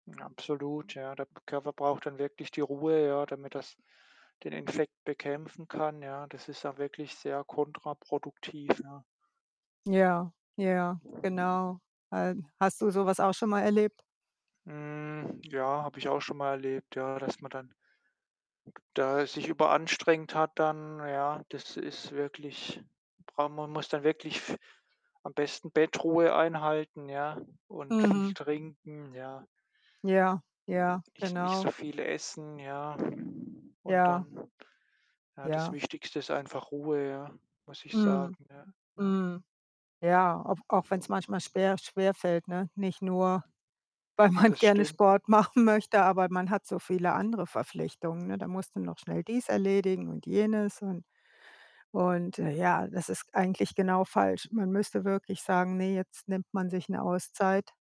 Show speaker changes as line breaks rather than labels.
Absolut, ja. Der b Körper braucht dann wirklich die Ruhe, ja, damit das den Infekt bekämpfen kann, ja. Das ist auch wirklich sehr kontraproduktiv, ja.
Ja, ja, genau. Äh, hast du so was auch schon mal erlebt?
Hm, ja, habe ich auch schon mal erlebt, ja, dass man dann d da sich überanstrengt hat dann, ja. Das ist wirklich brau man muss dann wirklich f am besten Bettruhe einhalten, ja, und viel
Mhm.
trinken, ja.
Ja, ja,
Nich nicht
genau.
so viel essen, ja. Und
Ja.
dann, ja, das
Ja.
Wichtigste ist einfach Ruhe, ja, muss ich
Mhm,
sagen, ja, ja.
mhm. Ja, au auch wenn's manchmal schwer schwerfällt, ne? Nicht nur, weil man
Das
gerne
stimmt.
Sport machen möchte, aber man hat so viele andere Verpflichtungen, ne? Da musst du noch schnell dies erledigen und jenes und und, äh, ja, das ist eigentlich genau falsch. Man müsste wirklich sagen, ne, jetzt nimmt man sich 'ne Auszeit.